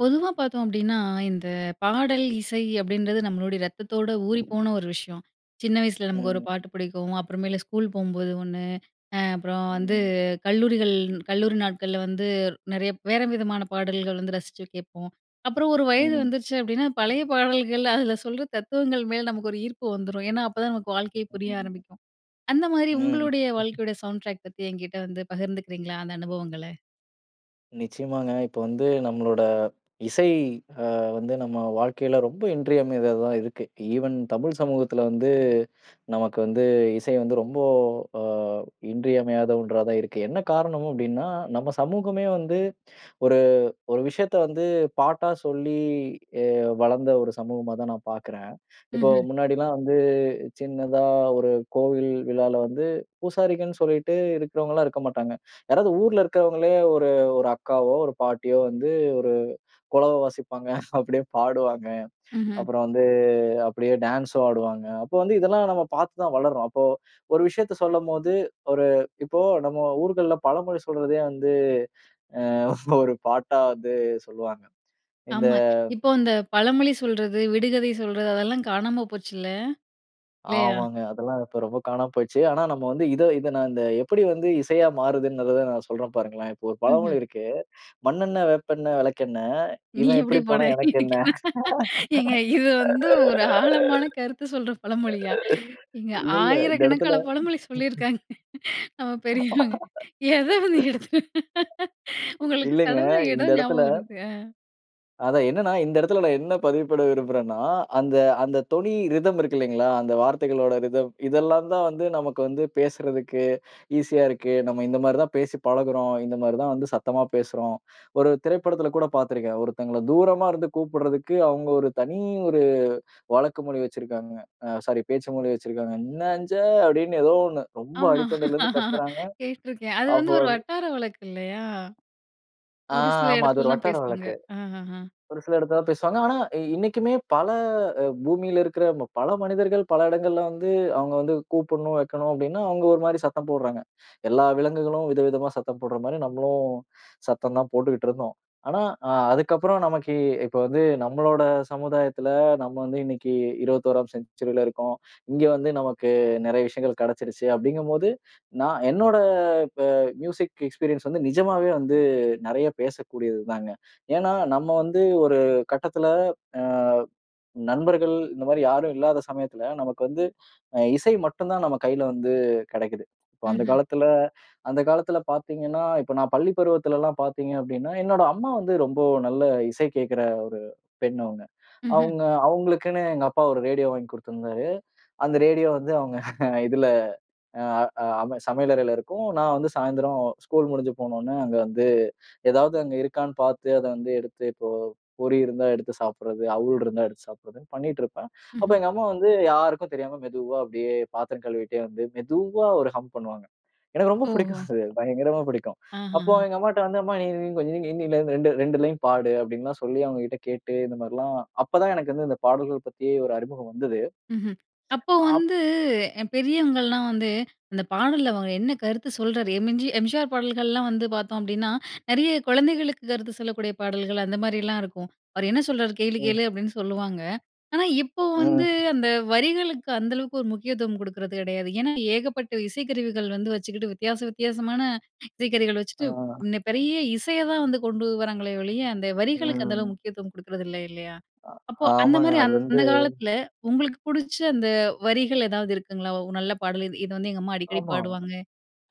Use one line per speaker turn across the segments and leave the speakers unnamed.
பொதுவா பார்த்தோம் அப்படின்னா, இந்த "பாடல், இசை" அப்படின்றது நம்மளுடைய ரத்தத்தோட ஊறிப்போன ஒரு விஷயம். சின்ன வயசுல
ம்,
நமக்கு ஒரு
ம்.
பாட்டு புடிக்கும். அப்பறமேல ஸ்கூல் போகும்போது ஒண்ணு. அ அப்பறம் வந்து,
ம்,
கல்லூரிகள் கல்லூரி நாட்கள்ல வந்து, நிறைய வேற விதமான பாடல்கள் வந்து ரசிச்சு கேட்போம். அப்புறம் ஒரு வயது
ம், ம்..
வந்துருச்சு அப்படின்னா, பழைய பாடல்கள், அதுல சொல்ற தத்துவங்கள் மேல நமக்கு ஒரு ஈர்ப்பு வந்துரும். ஏன்னா அப்ப தான் நமக்கு வாழ்க்கையே புரிய ஆரம்பிக்கும்.
[unintelligible]
அந்தமாதிரி
ம்..
உங்களுடைய வாழ்க்கையோட, "சவுண்ட் டிராக்" பத்தி என்கிட்ட வந்து பகிர்ந்துக்கிறீங்களா, அந்த அனுபவங்கள?
நிச்சயமாங்க. இப்ப வந்து நம்மளோட இசை அ வந்து நம்ம வாழ்க்கையில ரொம்ப இன்றியமையாததான் இருக்கு. ஈவன் தமிழ் சமூகத்துல வந்து, நமக்கு வந்து இசை வந்து ரொம்போ, அ இன்றியமையாத ஒன்றா தான் இருக்கு. என்ன காரணம் அப்படின்னா, நம்ம சமூகமே வந்து ஒரு ஒரு விஷயத்த வந்து பாட்டா சொல்லி அ வளர்ந்த ஒரு சமூகமா தான் நான் பாக்குறேன். இப்போ
ம்ஹ்ம்.
முன்னாடிலாம் வந்து சின்னதா ஒரு கோவில் விழால வந்து, பூசாரிகள்ன்னு சொல்லிட்டு இருக்கிறவங்கலாம், இருக்க மாட்டாங்க. யாராவது ஊருல இருக்கவங்களே ஒரு ஒரு அக்காவோ, ஒரு பாட்டியோ வந்து ஒரு குலவை வாசிப்பாங்க. அப்படியே பாடுவாங்க.
ம்ஹ்ம்.
அப்பறம் வந்து அப்படியே டான்ஸும் ஆடுவாங்க. அப்போ வந்து இதெல்லாம் நம்ம பார்த்து தான் வளர்றோம். அப்போ, ஒரு விஷயத்தை சொல்லும்போது ஒரு இப்போ நம்ம ஊர்கள்ல பழமொழி சொல்றதே வந்து, அ ஒரு பாட்டா வந்து சொல்லுவாங்க. இந்த
ஆமா. இப்போ அந்த "பழமொழி சொல்றது, விடுகதை சொல்றது" அதெல்லாம் காணாம போச்சுல்ல! இல்லையா?
ஆமாங்க. அதெல்லாம் இப்போ ரொம்ப காணாம போயிருச்சு. ஆனா நம்ம வந்து இதை இதை நான் இந்த எப்படி வந்து இசையா மாறுதுன்ங்கறத நான் சொல்றேன் பாருங்களேன். இப்போ ஒரு
ம்ஹ்ம்.
பழமொழி இருக்கு, "மண்ணெண்ணெ, வேப்பெண்ணெ, வெளக்கெண்ணெ.
"நீ
இவன்
எப்படி
எப்படி போனா
போனா
எனக்கென்ன?".
எனக்கு என்ன?" ஏங்க, இது வந்து ஒரு ஆழமான கருத்து சொல்ற பழமொழியா? இங்க
இல்ல இல்ல இந்த இடத்துல
ஆயிரக்கணக்கான பழமொழி சொல்லியிருக்காங்க, நம்ம பெரியவங்க. எதை வந்து எடுத்து, உங்களுக்கு
இல்லைங்க,
சடனா எதோ
இந்த இடத்துல
ஞாபகம் வருது அ.
அதா என்னன்னா, இந்த இடத்துல நான் என்ன பதிவு பண்ண விரும்புறேன்னா, அந்த அந்த தொனி ரிதம் இருக்கு இல்லைங்களா, அந்த வார்த்தைகளோட ரிதம். இதெல்லாம் தான் வந்து, நமக்கு வந்து பேசுறதுக்கு ஈசியா இருக்கு. நம்ம இந்த மாதிரிதான் பேசி பழகுறோம், இந்த மாதிரிதான் வந்து சத்தமா பேசுறோம். ஒரு திரைப்படத்துல கூட பார்த்திருக்கேன், ஒருத்தங்கள தூரமா இருந்து கூப்பிடுறதுக்கு, அவங்க ஒரு தனி ஒரு வழக்கு மொழி வச்சிருக்காங்க, அ சாரி பேச்சு மொழி வச்சிருக்காங்க. "என்னஞ்ஞே" அப்டின்னு ஏதோ ஒண்ணு ரொம்ப
ஆமா.
அடித்தொண்டைலருந்து கத்துறாங்க.
கேட்ருக்கேன். அது
அப்ப
வந்து ஒரு
வந்து.
வட்டார வழக்கு இல்லையா?
ஆ
ஒரு சில
ஆமா. அது
இடத்துல
ஒரு
தான்
வட்டார
பேசுவாங்க.
வழக்கு.
அஹ்ஹன்.
ஒரு சில இடத்துலதான் பேசுவாங்க. ஆனா இ இன்னைக்குமே பல அ பூமில இருக்குற ம பல மனிதர்கள், பல இடங்கள்ல வந்து அவங்க வந்து கூப்பிடணும், வைக்கணும் அப்டின்னா அவங்க ஒரு மாதிரி சத்தம் போடுறாங்க. எல்லா விலங்குகளும் விதவிதமா சத்தம் போடுற மாதிரி, நம்மளும் சத்தம்தான் போட்டுக்கிட்டு இருந்தோம். ஆனா அ அதுக்கப்புறம் நமக்கு, இப்போ வந்து நம்மளோட சமுதாயத்துல நம்ம வந்து இன்னைக்கு 21ஆம் செஞ்சுரில இருக்கோம். இங்க வந்து நமக்கு நெறைய விஷயங்கள் கிடச்சிருச்சு அப்டிங்கும் போது, நான் என்னோட இப்ப மியூசிக் எக்ஸ்பீரியன்ஸ் வந்து நிஜமாவே வந்து நெறைய பேசக்கூடியதுதாங்க. ஏன்னா நம்ம வந்து ஒரு கட்டத்துல, அ நண்பர்கள் இந்த மாதிரி யாரும் இல்லாத சமயத்துல நமக்கு வந்து அ இசை மட்டும்தான் நம்ம கையில வந்து கிடைக்குது. இப்ப அந்த
ம்ஹ்ம்.
காலத்துல அந்த காலத்துல பார்த்தீங்கன்னா, இப்ப நான் பள்ளிப் பருவத்துல எல்லாம் பார்த்தீங்க அப்டின்னா என்னோட அம்மா வந்து ரொம்ப நல்ல இசை கேட்கிற ஒரு பெண் அவங்க.
ம்ஹ்ம்.
அவங்க அவங்களுக்குனு எங்க அப்பா ஒரு ரேடியோ வாங்கி குடுத்திருந்தாரு. அந்த ரேடியோ வந்து அவங்க இதுல அ அ அம சமையலறையில இருக்கும். நான் வந்து சாய்ந்தரம் ஸ்கூல் முடிஞ்சு போன உடனே, அங்க வந்து எதாவது அங்க இருக்கான்னு பார்த்து அத வந்து எடுத்து, இப்போ பொரி இருந்தா எடுத்து சாப்டுறது, அவுல் இருந்தா எடுத்து சாப்பிடுறதுன்னு பண்ணிட்டு இருப்பேன். அப்ப
ம்ஹ்ம்.
எங்க அம்மா வந்து யாருக்கும் தெரியாம மெதுவா அப்டியே பாத்திரம் கழுவிக்கிட்டே வந்து, மெதுவா ஒரு ஹம் பண்ணுவாங்க. எனக்கு ரொம்பப் புடிக்கும்,
ஓஹோ.
அது பயங்கரமா புடிக்கும். அப்போ
ஆஹஹ.
எங்க அம்மாட்ட வந்து, "அம்மா நீ நீங் கொஞ்சம் இன்னு இதிலருந்து 2 2 லைன் பாடு" அப்படின்லாம் சொல்லி அவங்ககிட்ட கேட்டு, இந்த மாரில்லாம் அப்பதான் எனக்கு வந்து இந்த பாடல்கள் பத்தியே ஒரு அறிமுகம் வந்தது.
மஹ்ம். அப்போ
அப்
வந்து எ பெரியவங்கலாம் வந்து, "அந்த பாடல்ல அவர் என்ன கருத்து சொல்றார்," எம்ஜி எம்ஜிஆர் பாடல்கள்லாம் வந்து பார்த்தோம் அப்டின்னா, நிறைய குழந்தைகளுக்கு கருத்து சொல்லக்கூடிய பாடல்கள் அந்த மாரிலாம் இருக்கும். "அவர் என்ன சொல்றார் கேளு
ம்.
கேளு" அப்டின்னு சொல்லுவாங்க. ஆனா இப்போ
ம்.
வந்து அந்த வரிகளுக்கு, அந்த அளவுக்கு ஒரு முக்கியத்துவம் குடுக்குறது கிடையாது. ஏன்னா ஏகப்பட்ட இசைக்கருவிகள் வந்து வச்சுக்கிட்டு வித்தியாச வித்தியாசமான இசைக்கருவிகள் வச்சிட்டு,
ஆ.
நெ பெரிய இசைய தான் வந்து கொண்டு வராங்களே ஒழிய, அந்த வரிகளுக்கு அந்த
ம்.
அளவுக்கு முக்கியத்துவம் குடுக்குறது இல்ல, இல்லையா?
அ
அப்போ அந்த
ஆமாங்க.
மாரி
அது வந்து.
அந்த காலத்துல உங்களுக்கு புடுச்ச, அந்த வரிகள் ஏதாவது இருக்குங்களா? "ஓ! நல்ல பாடல் இது இத வந்து எங்க அம்மா அடிக்கடி
ஆமா.
பாடுவாங்க"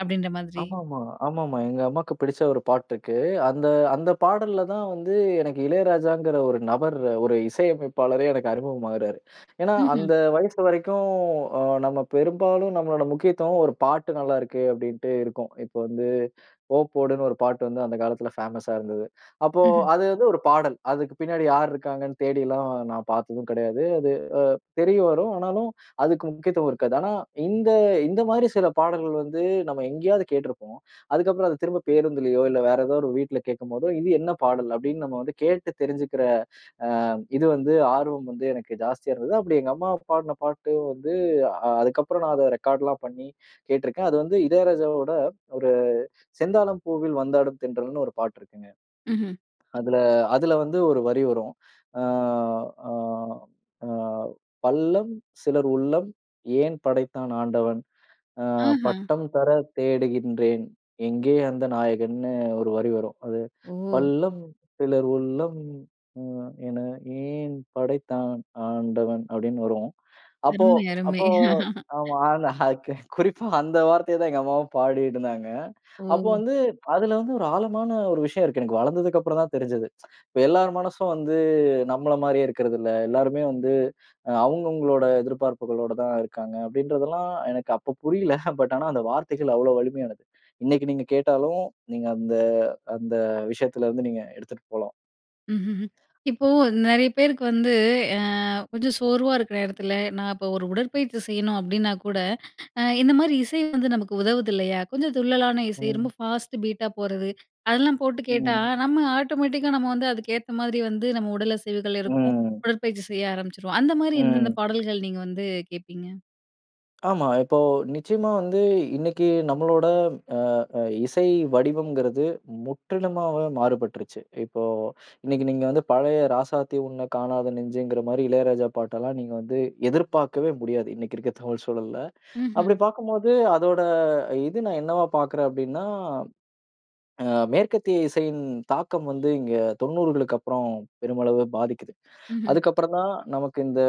அப்டின்ற மாதிரி?
ஆமாமா. ஆமாமா. எங்க அம்மாக்குப் பிடிச்ச ஒரு பாட்டு இருக்கு, அந்த அந்த பாடல்ல தான் வந்து, எனக்கு இளையராஜாங்கிற ஒரு நபர் ஒரு இசையமைப்பாளரே எனக்கு அறிமுகமாகுறாரு. ஏன்னா
ம்ஹ்ம்.
அந்த வயசு வரைக்கும், அ நம்ம பெரும்பாலும் நம்மளோட முக்கியத்துவம், "ஒரு பாட்டு நல்லா இருக்கு" அப்டின்ட்டு இருக்கும். இப்ப வந்து, ஓ போடுன்னு ஒரு பாட்டு வந்து அந்த காலத்துல ஃபேமஸா இருந்தது. அப்போ
ம்ஹ்ம்.
அது வந்து ஒரு பாடல். அதுக்குப் பின்னாடி யார் இருக்காங்கன்னு தேடி எல்லாம் நான் பார்த்ததும் கிடையாது. அது அ தெரியவரும், ஆனாலும் அதுக்கு முக்கியத்துவம் இருக்காது. ஆனா இந்த இந்த மாரி சில பாடல்கள் வந்து நம்ம எங்கயாவது கேட்ருப்போம். அதுக்கப்புறம் அதைத் திரும்பப் பேருந்துலயோ, இல்ல வேற ஏதோவது ஒரு வீட்ல கேட்கும் போதோ, இது என்ன பாடல் அப்டின்னு நம்ம வந்து கேட்டு தெரிஞ்சுக்கிற அ இது வந்து ஆர்வம் வந்து எனக்கு ஜாஸ்தியா இருந்தது. அப்டி எங்க அம்மா பாடுன பாட்டும் வந்து, அ அதுக்கப்புறம் நான் அத ரெக்கார்ட்லாம் பண்ணி கேட்ருக்கேன். அது வந்து இளையராஜாவோட ஒரு, செந்தாளம் பூவில் வந்தாடும் தென்றல்னு ஒரு பாட்டு இருக்குங்க.
ம்ஹ்ம்.
அதுல அதுல வந்து ஒரு வரி வரும். அ அ அ பள்ளம் சிலர் உள்ளம் ஏன் படைத்தான் ஆண்டவன், அ
ஆஹ.
பட்டம் தர தேடுகின்றேன் எங்கே அந்த நாயகன்னு ஒரு வரி வரும். அது,
ஓ!
பள்ளம் சிலர் உள்ளம் ம் என ஏன் படைத்தான் ஆண்டவன்? அப்படின்னு வரும். அப்போ
அருமை அருமை.
அப்போ ஆமா. அந் அக் குறிப்பா அந்த வார்த்தையைத்தான் எங்க அம்மாவும் பாடிக்கிட்டு இருந்தாங்க. அப்போ
ஓ!
வந்து அதுல வந்து ஒரு ஆழமான ஒரு விஷயம் இருக்கு. எனக்கு வளர்ந்ததுக்கப்புறம் தான் தெரிஞ்சது. இப்ப எல்லார் மனசும் வந்து நம்மள மாரியே இருக்குறது இல்ல. எல்லாருமே வந்து அ அவங்க அவங்களோட எதிர்பார்ப்புகளோட தான் இருக்காங்க, அப்படின்றதெல்லாம் எனக்கு அப்ப புரியல. பட் ஆனா அந்த வார்த்தைகள் அவ்வளோ வலிமையானது. இன்னைக்கு நீங்க கேட்டாலும் நீங்க அந்த அந்த விஷயத்துல இருந்து நீங்க எடுத்துட்டு போலாம்.
ம்ஹ்ம். இப்போ நிறைய பேருக்கு வந்து அ கொஞ்சம் சோர்வா இருக்குற நேரத்துல, நான் இப்போ ஒரு உடற்பயிற்சி செய்யணும் அப்டின்னா கூட, அ இந்த மாரி இசை வந்து நமக்கு உதவுது இல்லையா? கொஞ்சம் துள்ளலான இசை,
ம்.
ரொம்ப ஃபாஸ்ட்டு பீட்டா போறது. அதெல்லாம் போட்டு கேட்டா
ம்.
நம்ம ஆட்டோமேட்டிக்கா நம்ம வந்து அதுக்கேத்த மாதிரி வந்து நம்ம உடல் அசைவுகள் இருக்கும்.
ம்.
உடற்பயிற்சி செய்ய ஆரம்பிச்சுருவோம். அந்தமாரி எந்தெந்த
ம்
பாடல்கள், நீங்க வந்து கேட்பீங்க?
ஆமா. இப்போ நிச்சயமா வந்து இன்னைக்கு நம்மளோட அ இசை வடிவம்ங்கிறது முற்றிலுமாக மாறுபட்டுருச்சு. இப்போ இன்னைக்கு நீங்க வந்து பழைய, ராசாத்தி உன்னை காணாத நெஞ்சுங்கிற மாரி இளையராஜா பாட்டெல்லாம் நீங்க வந்து எதிர்பார்க்கவே முடியாது, இன்னைக்கு இருக்க தமிழ் சூழல்ல. அப்படி
ம்ஹ்ம்.
பார்க்கும்போது அதோட இது நான் என்னவா பார்க்கிறேன் அப்படின்னா, அ மேற்கத்திய இசையின் தாக்கம் வந்து இங்க 90களுக்கு அப்பறம் பெருமளவு பாதிக்கிது.
ம்ஹ்ம்.
அதுக்கப்பறம் தான் நமக்கு இந்த,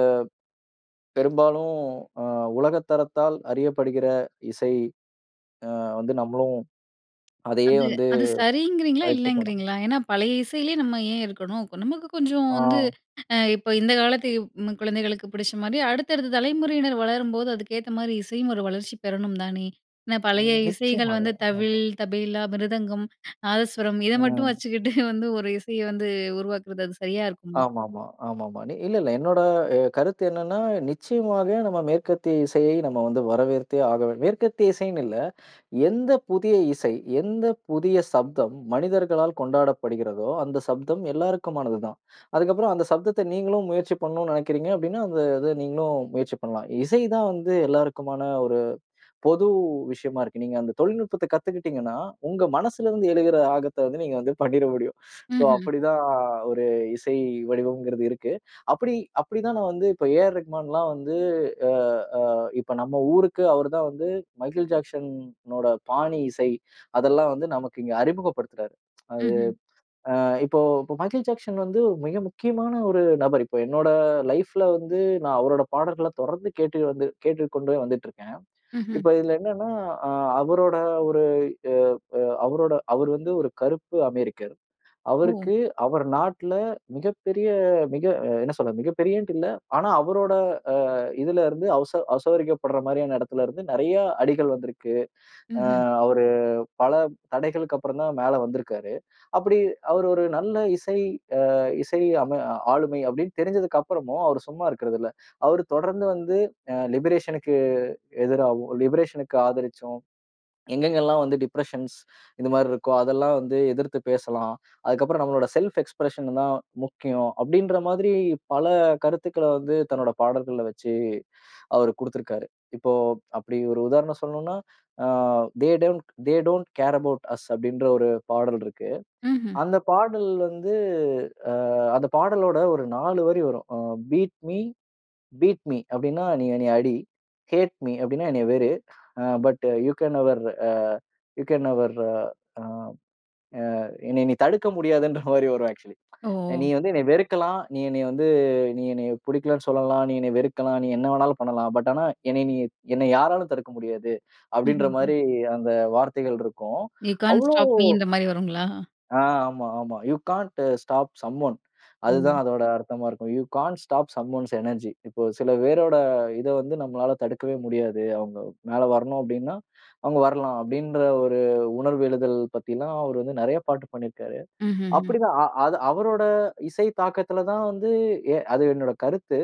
பெரும்பாலும் அ உலகத்தரத்தால் அறியப்படுகிற இசை அ வந்து நம்மளும் அதையே
அது
வந்து
அது சரிங்கிறீங்களா?
பயிற்சி பண்ணோம்.
இல்லைங்கிறீங்களா? ஏன்னா பழைய இசையிலே நம்ம ஏன் இருக்கணும்? நமக்கு கொஞ்சம் வந்து
ஆ.
அ இப்ப இந்த காலத்து ம் குழந்தைகளுக்கு புடிச்ச மாரி, அடுத்தடுத்த தலைமுறையினர் வளரும்போது, அதுக்கேத்த மாரி இசையும் ஒரு வளர்ச்சி பெறணும் தானே. என்ன பழைய
ம்,
இசைகள்
நிச்சயமாக.
வந்து தவில்,
ஆமா.
தபேலா, மிருதங்கம், நாதஸ்வரம் இத மட்டும்
ம்.
வச்சுக்கிட்டு வந்து ஒரு இசையை வந்து உருவாக்கிறது, அது சரியா இருக்குமா?
ஆமா, ஆமா, ஆமா, ஆமா. நி இல்ல, இல்ல. என்னோட அ கருத்து என்னன்னா, நிச்சயமாக நம்ம மேற்கத்திய இசையை நம்ம வந்து வரவேற்தே ஆகவேணு மேற்கத்திய இசைன்னு இல்ல. எந்த புதிய இசை, எந்த புதிய சப்தம், மனிதர்களால் கொண்டாடப்படுகிறதோ, அந்த சப்தம் எல்லாருக்குமானது தான். அதுக்கப்பறம் அந்த சப்தத்தை நீங்களும் முயற்சி பண்ணணும்னு நினைக்கிறீங்க அப்படின்னா, அந்த இதை நீங்களும் முயற்சி பண்ணலாம். இசை தான் வந்து எல்லாருக்குமான ஒரு பொது விஷயமா இருக்கு. நீங்க அந்த தொழில்நுட்பத்தை கத்துக்கிட்டீங்கன்னா உங்க மனசிலருந்து எழுகிற ஆகத்தை வந்து நீங்க வந்து பண்ணிற முடியும். சோ
ம்ஹ்ம்.
அப்படி தான் ஒரு இசை வடிவம்ங்கிறது இருக்கு. அப்படி அப்படி தான் நான் வந்து, இப்போ ஏஆர் ரஹ்மான்லாம் வந்து அ அ இப்ப நம்ம ஊருக்கு அவரு தான் வந்து மைக்கேல் ஜாக்சன் ஓட பாணி இசை அதெல்லாம் வந்து நமக்கு இங்க அறிமுகப்படுத்துறாரு. அது
ம்ஹ்ம்.
அ இப்போ மைக்கேல் ஜாக்சன் வந்து மிக முக்கியமான ஒரு நபர். இப்போ என்னோட லைஃப்ல வந்து நான் அவரோட பாடல்களை தொடர்ந்து கேட்டு வந்து கேட்டுக்கொண்டே வந்துட்டு இருக்கேன்.
ம்ஹ்ம்.
இப்போ இதுல என்னன்னா அ அவரோட ஒரு அ அ அவரோட அவர் வந்து ஒரு கருப்பு அமெரிக்கர்.
ஓ!
அவருக்கு அவர் நாட்ல மிகப்பெரிய மிக என்ன சொல்றது மிகப்பெரியன்ட்டு இல்ல. ஆனா அவரோட அ இதுலேருந்து அசோ அசௌகரியப்படுற மாரியான இடத்திலருந்து நிறைய அடிகள் வந்திருக்கு. அ
ம்ஹ்ம்.
அவரு பல தடைகளுக்கு அப்பறம் தான் மேல வந்திருக்காரு. அப்படி அவர் ஒரு நல்ல இசை அ இசை அம ஆளுமை அப்படின்னு தெரிஞ்சதுக்கு அப்பறமும் அவர் சும்மா இருக்கிறதில்ல. அவர் தொடர்ந்து வந்து அ லிபரேஷனுக்கு எதிராவும் லிபரேஷனுக்கு ஆதரிச்சும் எங்கெங்கெல்லாம் வந்து டிப்ரஷன்ஸ் இந்த மாதிரி இருக்கோ அதெல்லாம் வந்து எதிர்த்து பேசலாம். அதுக்கப்பறம் நம்மளோட செல்ஃப் எக்ஸ்பிரஷன் தான் முக்கியம் அப்படின்ற மாதிரி பல கருத்துக்கள வந்து, தன்னோட பாடல்கள்ல வச்சி அவரு குடுத்திருக்காரு. இப்போ அப்படி ஒரு உதாரணம் சொல்லணும்ன்னா ஆ "they don't they don't care about us" அப்படின்ற ஒரு பாடல் இருக்கு.
ம்ஹ்ம்.
அந்த பாடல் வந்து அ அந்த பாடலோட ஒரு 4 வரி வரும். அ பீட் மி பீட் மி அப்படின்னா நீ என்னைய அடி, ஹேட் மி அப்படின்னா என்னைய வெறு, uh but you can never, uh you can never uh uh uh என்னைய நீ தடுக்க முடியாதுன்ற மாரி வரும் ஆக்சுவலி. நீ
ஓ!
வந்து என்னைய வெறுக்கலாம், நீ என்னைய வந்து நீ என்னைய புடிக்கலன்னு சொல்லலாம், நீ என்னைய வெறுக்கலாம், நீ என்ன வேணாலும் பண்ணலாம். பட் ஆனா என்னைய நீ என்னைய யாராலும் தடுக்க முடியாது, அப்படின்ற
ம்ஹ்ம்.
மாதிரி அந்த வார்த்தைகள் இருக்கும்.
யூ கான்ட்
அவ்வளோ
ஸ்டாப் மீ இந்த மாரி வருங்களா?
ஆ. ஆமா, ஆமா. You can't stop someone
ஓ!
அதுதான் அதோட அர்த்தமா இருக்கும். You can't stop someone's energy இப்போ சில பேரோட இதை வந்து நம்மளால தடுக்கவே முடியாது. அவங்க மேல வரணும் அப்படின்னா அவங்க வரலாம். அப்படின்ற ஒரு உணர்வு எழுதல் பத்தில்லாம் அவர் வந்து நிறைய பாட்டு பண்ணியிருக்கார்.
ம்ஹ்ஹ்ம்.
அப்படிதான் அ அது அவரோட இசை தாக்கத்துல தான் வந்து எ அது என்னோட கருத்து.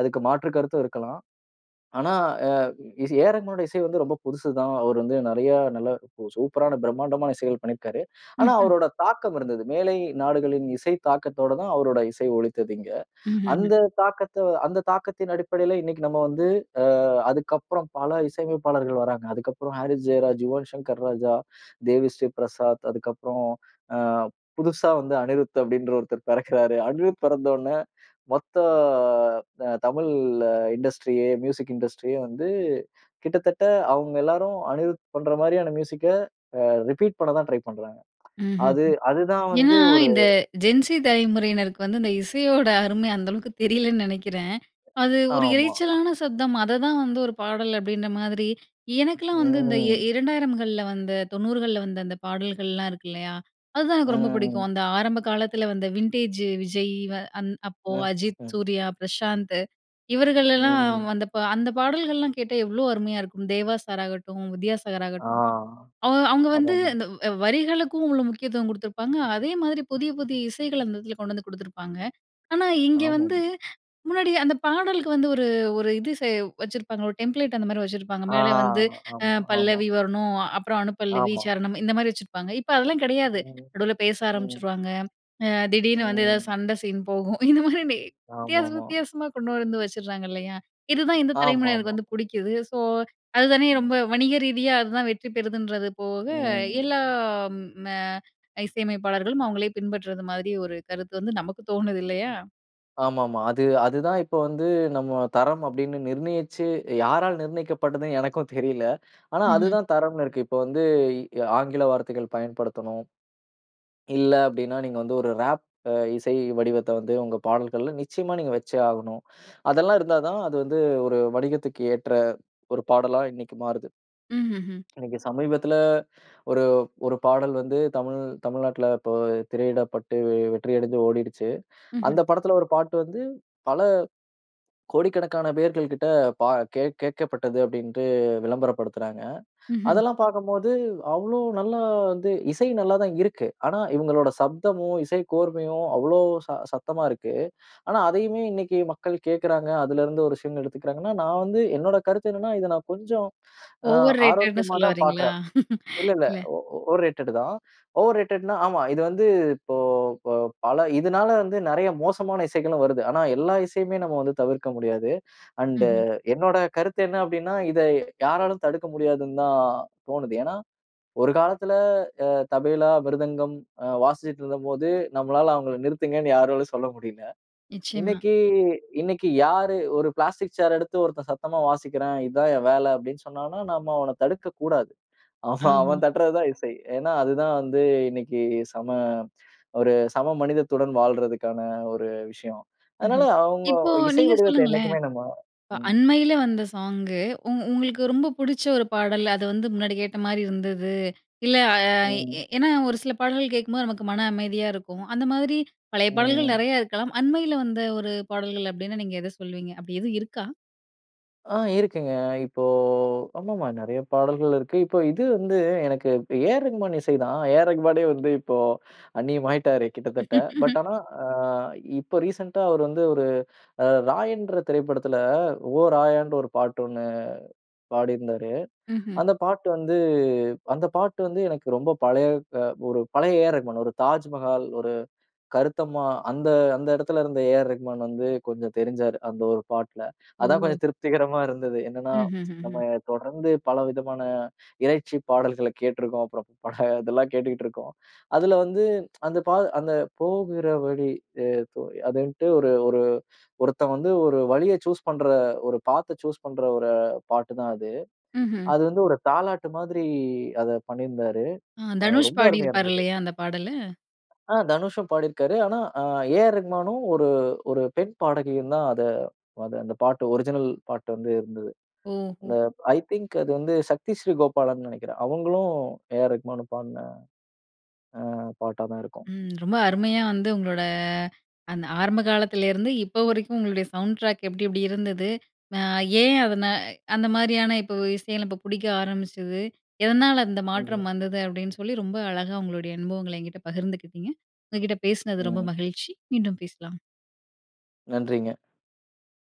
அதுக்கு மாற்று கருத்தும் இருக்கலாம். ஆனா அ இசை ஏஆர் ரகுமான்னுடைய இசை வந்து ரொம்ப புதுசு தான். அவர் வந்து நிறைய நல்ல சூப்பரான பிரம்மாண்டமான இசைகள் பண்ணியிருக்காரு. ஆனா
ம்ஹ்.
அவரோட தாக்கம் இருந்தது. மேலை நாடுகளின் இசை தாக்கத்தோட தான் அவருடைய இசை ஒளித்தது இங்க.
ம்ஹ்ம்.
அந்த தாக்கத்த அந்த தாக்கத்தின் அடிப்படையில இன்னைக்கு நம்ம வந்து அ அதுக்கப்பறம் பல இசையமைப்பாளர்கள் வராங்க. அதுக்கப்பறம் ஹாரிஸ் ஜெயராஜ், யுவன் சங்கர் ராஜா, தேவி ஸ்ரீ பிரசாத், அதுக்கப்பறம் அ புதுசா வந்த அனிருத் அப்படின்ற ஒருத்தர் பிறக்கிறார். அனிருத் பிறந்த உடன, மொத்த அ தமிழ் அ இண்டஸ்ட்ரியே மியூசிக் இண்டஸ்ட்ரியே வந்து கிட்டத்தட்ட அவுங்க எல்லாரும் அனிருத் பண்ற மாரியான மியூசிக்க, அ ரிப்பீட் பண்ண தான் ட்ரை பண்றாங்க.
ம்ஹ்ம்.
அது அது தான்
ஏன்னா
வந்து ஒரு
இந்த ஜென்சி தலைமுறையினருக்கு வந்து இந்த இசையோட அருமை அந்த அளவுக்கு தெரியலைன்னு நினைக்கிறேன். அது ஒரு
ஆமா.
இரைச்சலான சப்தம். அததான் வந்து ஒரு பாடல் அப்படின்ற மாதிரி, எனக்கெலாம் வந்து இந்த இ
ம்.
2000கள்ல வந்த 90கள்ல வந்த அந்த பாடல்கள்லாம் இருக்கு இல்லையா? அதுதான் எனக்கு ரொம்ப புடிக்கும்.
ம்.
அந்த ஆரம்ப காலத்தில வந்த வின்டேஜ் விஜய் வ அந் அப்போ
ம்.
அஜித்,
ம்.
சூர்யா, பிரசாந்த் இவர்களெல்லாம்
ம்.
வந்தப்போ அந்த பாடல்கள்லாம் கேட்டா எவ்வளோ அருமையா இருக்கும். தேவா சார் ஆகட்டும், வித்யாசாகர்
ஆ.
ஆகட்டும் அவ அவங்க வந்து
ஆமாமா.
இந்த வ் வரிகளுக்கும் உள்ள முக்கியத்துவம் கடுத்துருப்பாங்க. அதே மாதிரி புதிய புதிய இசைகள் அந்த இடத்துல கொண்டு வந்து குடுத்துருப்பாங்க. ஆனா இங்க வந்து,
ஆமாமா.
முன்னாடி அந்த பாடலுக்கு வந்து ஒரு ஒரு இது சே வச்சிருப்பாங்க. ஒரு டெம்ப்லேட் அந்த மாரி வச்சிருப்பாங்க.
ஆ.
மேலே வந்து அ
ஆமா, ஆமா.
பல்லவி வரணும். அப்பறம் அணு பல்லவி,
ஆமா.
சரணம் இந்த மாரி வச்சிருப்பாங்க. இப்ப அதெல்லாம் கிடையாது.
ம்.
நடுவில பேச
ம்.
ஆரம்பிச்சுருவாங்க. அ திடீர்னு வந்து ஏதாவது
ம்.
சண்டை சீன் போகும். இந்த மாதிரி டே வித்தியாசம்
ஆமாமா.
வித்தியாசமா கொண்டு வந்து வச்சுடுறாங்க இல்லையா? இதுதான் இந்த தலைமுறையினருக்கு
ஆமாமா.
வந்து புடிக்குது. ஸோ அது தானே ரொம்ப
ம்.
வணிக ரீதியா, அதுதான் வெற்றி பெறுதுன்றது போக
ம்.
எல்லாம் ம இசையமைப்பாளர்களும், அவங்களே பின்பற்றுவது மாதிரி ஒரு கருத்து வந்து நமக்கு தோணுது இல்லையா?
ஆமாமா. அது அது தான் இப்ப வந்து, நம்ம தரம் அப்படீன்னு நிர்ணயிச்சு, யாரால் நிர்ணயிக்கப்படுதுணு எனக்கும் தெரியல. ஆனா அது
ம்ஹ்ம்.
தான் தரம்னு இருக்கு. இப்போ வந்து இ ஆங்கில வார்த்தைகள் பயன்படுத்தணும். இல்ல. அப்படீன்னா நீங்க வந்து ஒரு ராப் இசை வடிவத்தை வந்து உங்க பாடல்கள்ல நிச்சயமா நீங்க வைச்சே ஆகணும். அதெல்லாம் இருந்தா தான் அது வந்து ஒரு வணிகத்துக்கு ஏற்ற ஒரு பாடலா இன்னைக்கு மாறுது.
ம்ஹ்ம், ம்.
இன்னைக்கு சமீபத்துல ஒரு ஒரு பாடல் வந்து தமிழ் தமிழ்நாட்டுல இப்ப திரையிடப்பட்டு வெ வெற்றி அடைந்து ஓடிடுச்சு.
ம்ஹ்ம்.
அந்த படத்துல ஒரு பாட்டு வந்து பல கோடிக்கணக்கான பேர்கள் கிட்ட பா கே கேட்கப்பட்டது, அப்படீன்டு விளம்பரப்படுத்துறாங்க.
ம்ஹ்ம்.
அதெல்லாம் பார்க்கும்போது அவ்வளோ நல்லா, வந்து இசை நல்லா தான் இருக்கு. ஆனா இவுங்களோட சப்தமும், இசை கோர்மையும் அவ்வளோ ச சத்தமா இருக்கு. ஆனா அதையுமே இன்னைக்கு மக்கள் கேட்கிறாங்க. அதுலருந்து ஒரு விஷயங்கள் எடுத்துக்கிறாங்கன்னா நான் வந்து என்னோட கருத்து என்னன்னா, இதை நான் கொஞ்சம் அ
ஓவர் ரேடட்டுன்னு
ஆரோக்கியமா
சொல்ல
தான்
வரீங்களா?
பார்க்குறேன். இல்லல்ல.
இல்ல.
ஓ ஓவர் ரேட்டடு தான். ஓவர்ரேட்டடுன்னா ஆமா. இது வந்து இப்போ ப பல, இதனால வந்து நெறைய மோசமான இசைகளும் வருது. ஆனா எல்லா இசையுமே நம்ம வந்து தவிர்க்க முடியாது. அண்டு
ம்ஹ்ம்.
என்னோட கருத்து என்ன அப்படீன்னா, இத யாராலையும் தடுக்க முடியாதுந்தான் தோணுது. ஏன்னா ஒரு காலத்துல அ தபேலா, மிருதங்கம் அ வாசிச்சிட்டு இருந்தப்போது நம்மளால அவங்கள நிறுத்துங்கன்னு யாராலும் சொல்ல முடியல.
நிச்சயமா.
இன்னைக்கி இன்னைக்கி யாரு ஒரு பிளாஸ்டிக் சேரெடுத்து ஒருத்தன் "சத்தமா வாசிக்கிறேன். இதான் என் வேலை" அப்படீன்னு சொன்னா, நம்ம அவனை தடுக்கக்கூடாது. ஆமா
ஆமா.
அவன் தட்டுறது தான் இசை. ஏன்னா அதுதான் வந்து இன்னைக்கு சம ஒரு சம மனிதத்துடன் வாழுறதற்கான ஒரு விஷயம். அதனால
ம்ஹ்ம்.
அவுங்க
இப்போ
இசை
நீங்க
வடிவத்தை
சொல்லுங்களேன்.
என்னைக்குமே நம்ம
இப்ப
ம்.
அண்மைல வந்த சாங்கு, உங் உங்களுக்கு ரொம்ப புடுச்ச ஒரு பாடல், அது வந்து முன்னாடி கேட்ட மாதிரி இருந்துது. இல்ல அ எ
ம்.
ஏன்னா, ஒரு சில பாடல்கள் கேட்கும்போது நமக்கு மன அமைதியா இருக்கும். அந்த மாதிரி பழைய பாடல்கள்
ம்.
நெறையா இருக்கலாம். அண்மைல வந்த ஒரு பாடல்கள் அப்படீன்னா நீங்க எதை சொல்லுவீங்க? அப்படீ எதுவும் இருக்கா?
அ இருக்குங்க. இப்போ ஆமாமா நெறைய பாடல்கள் இருக்கு. இப்போ இது வந்து எனக்கு இப் ஏ.ஆர் ரகுமான் இசை தான். ஏ ஆர் ரகுமானே வந்து இப்போ அந்நியம் ஆயிட்டாரு கிட்டத்தட்ட. பட் ஆனா, அ இப்போ ரீசென்ட் டா அவர் வந்து ஒரு அ ராயன்ற திரைப்படத்துல ஓ ராயானு ஒரு பாட்டு ஒண்ணு பாடியிருந்தாரு.
ம்ஹ்ம்.
அந்த பாட்டு வந்து அந்த பாட்டு வந்து, எனக்கு ரொம்ப பழைய அ ஒரு பழைய ஏஆர் ரகுமான். ஒரு தாஜ்மஹால், ஒரு கருத்தம்மா. அந்த அந்த இடத்துல இருந்த ஏஆர் ரகுமான் வந்து கொஞ்சம் தெரிஞ்சாரு, அந்த ஒரு பாட்ல. அதான்
ஓ!
கொஞ்சம் திருப்திகரமா இருந்தது. என்னன்னா நம்ம
ம்ஹ்ஹ்ம்.
தொடர்ந்து பல விதமான இரைச்சி பாடல்கள கேட்ருக்கோம். அப்புறம் பக இதெல்லாம் கேட்டுட்டுயிருக்கோம். அதுல வந்து அந்த பா அந்த போகிற வழி ஏதோ அதுன்ட்டு, ஒரு ஒரு ஒருத்தன் வந்து ஒரு வழிய சூஸ் பண்ற, ஒரு பாத்த சூஸ் பண்ற ஒரு பாட்டுதான் அது.
ம்ஹ்ம்.
அது வந்து ஒரு தாலாட்டு மாதிரி அத பண்ணியிருந்தாரு.
அ
அ
தனுஷ்
ரொம்ப அருமையா
பாடியிருப்பார்,
இருந்தது.
இல்லையா? அந்த பாடலு.
அ தனுஷும் பாடியிருக்காரு. ஆனா அ ஏஆர் ரகுமானும் ஒரு ஒரு பெண் பாடகியும் தான் அத அத அந்த பாட்டு ஒரிஜினல் பாட்டு வந்து இருந்தது.
ஓஹோ!
அ ஐ திங்க் அது வந்து சக்தி ஸ்ரீ கோபாலன்னு நினைக்கிறேன். அவங்களும் ஏஆர் ரகுமான்னு பாடுன அ பாட்டாதான் இருக்கும்.
ம். ரொம்ப அருமையா வந்து உங்களோட அந்த ஆரம்ப காலத்துல இருந்து, இப்ப வரைக்கும். உங்களுடைய சவுண்ட் டிராக் எப்படி, எப்படி இருந்தது. அ ஏன் அதன அந்த மாரியான இப்போ இசை இப்போ பிடிக்க ஆரம்பிச்சது, எதனால அந்த மாற்றம்
ம்.
வந்தது, அப்படின்னு சொல்லி ரொம்ப அழகா உங்களுடைய அனுபவங்கள என்கிட்ட பகிர்ந்துக்கிட்டீங்க. உங்க கிட்ட பேசினது ரொம்ப
ம்.
மகிழ்ச்சி. மீண்டும் பேசலாம்.
நன்றிங்க.